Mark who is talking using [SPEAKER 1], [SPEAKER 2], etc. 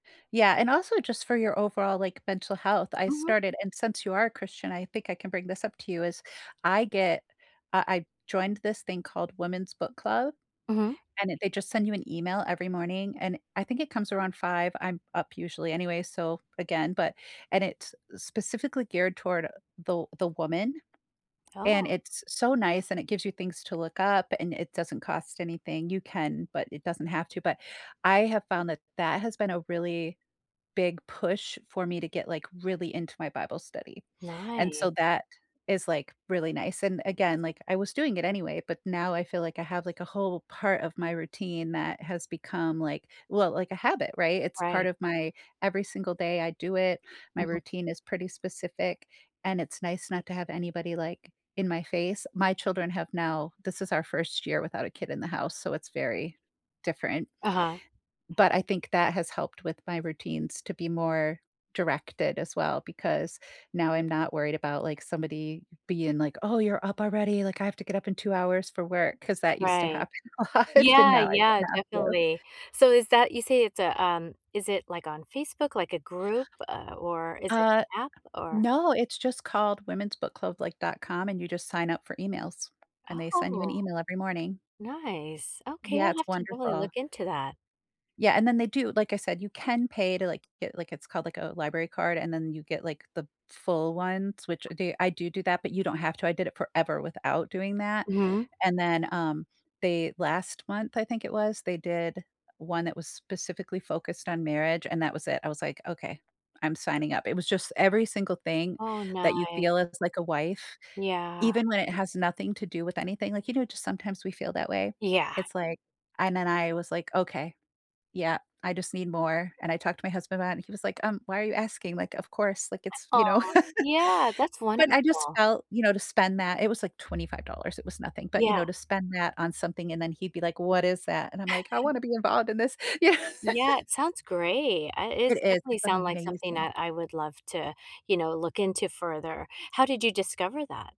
[SPEAKER 1] Yeah, and also just for your overall, like, mental health I
[SPEAKER 2] Mhm.
[SPEAKER 1] started and since you are a Christian, I think I can bring this up to you, is I get uh, I joined this thing called Women's Book Club
[SPEAKER 2] Mhm.
[SPEAKER 1] and it they just send you an email every morning, and I think it comes around 5:00, I'm up usually anyway so again, but, and it's s specifically geared toward, uh, the the woman, and
[SPEAKER 2] Oh.
[SPEAKER 1] it's so nice and it gives you things to look up and it doesn't cost anything, you can, but it doesn't have to, but, I have found that that has been a really big push for me to get, like, really into my Bible study, and so
[SPEAKER 2] Nice.
[SPEAKER 1] that is, like, really nice and again, like, I was doing it anyway, but now I feel like I have, like, a whole part of my routine that has become, like, well, like a habit, right? It's part
[SPEAKER 2] Right.
[SPEAKER 1] of my every single day I do it, my
[SPEAKER 2] Mhm.
[SPEAKER 1] routine is pretty specific and it's nice not to have anybody, like, in my face, my children have now this is our first year without a kid in the house, so it's very different.
[SPEAKER 2] Uh-huh.
[SPEAKER 1] But I think that has helped with my routines to be more directed as well because now, I'm not worried about, like, somebody being like, "Oh, you're up already," like, "I have to get up in 2 hours for work." 'Cause that used to
[SPEAKER 2] Right.
[SPEAKER 1] happen a lot and
[SPEAKER 2] Yeah,
[SPEAKER 1] now I
[SPEAKER 2] yeah,
[SPEAKER 1] don't have to.
[SPEAKER 2] definitely. So, is that you say it's a, um, is it, like, on Facebook, like a group? Uh, or is it
[SPEAKER 1] Uh,
[SPEAKER 2] an app? Or
[SPEAKER 1] no, it's just called women's book club, like, .com and you just sign up for emails, and they send you an
[SPEAKER 2] Oh.
[SPEAKER 1] email every morning.
[SPEAKER 2] Nice, okay,
[SPEAKER 1] Yeah,
[SPEAKER 2] I'll
[SPEAKER 1] it's
[SPEAKER 2] have to really look
[SPEAKER 1] wonderful.
[SPEAKER 2] into that.
[SPEAKER 1] Yeah, and then they do, like I said, you can pay to, like to get, like it's called, like, a library card and then you get, like, the full ones, which th I do do that, but you don't have to, I did it forever without doing that.
[SPEAKER 2] Mhm.
[SPEAKER 1] And then, um, they last month I think it was, they did one that was specifically focused on marriage, and that was it, I was like, "Okay, I'm signing up." It was just every single thing
[SPEAKER 2] Oh
[SPEAKER 1] that you
[SPEAKER 2] ni
[SPEAKER 1] feel as like a wife,
[SPEAKER 2] Yeah.
[SPEAKER 1] even when it has nothing to do with anything, like, you know, just sometimes we feel that way?
[SPEAKER 2] Yeah.
[SPEAKER 1] It's like I And then I was like, "Okay, yeah, I just need more." And I talked to my husband about it and he was like, "Um, why are you asking? like, "Of course," like it's, you know.
[SPEAKER 2] Aw, yeah, that's
[SPEAKER 1] But I just
[SPEAKER 2] wonderful.
[SPEAKER 1] felt, you know, to spend that it was like $25, it was nothing, but you
[SPEAKER 2] Yeah.
[SPEAKER 1] know, to spend that on something and then he'd be like, "What is that?" and I'm like, "I want to be involved in this." You know?
[SPEAKER 2] Yeah, it sounds great, at
[SPEAKER 1] It
[SPEAKER 2] is
[SPEAKER 1] is,
[SPEAKER 2] definitely
[SPEAKER 1] it's
[SPEAKER 2] sounds like something
[SPEAKER 1] amazing.
[SPEAKER 2] that I would love to, uh, you know, look into further. How did you discover that?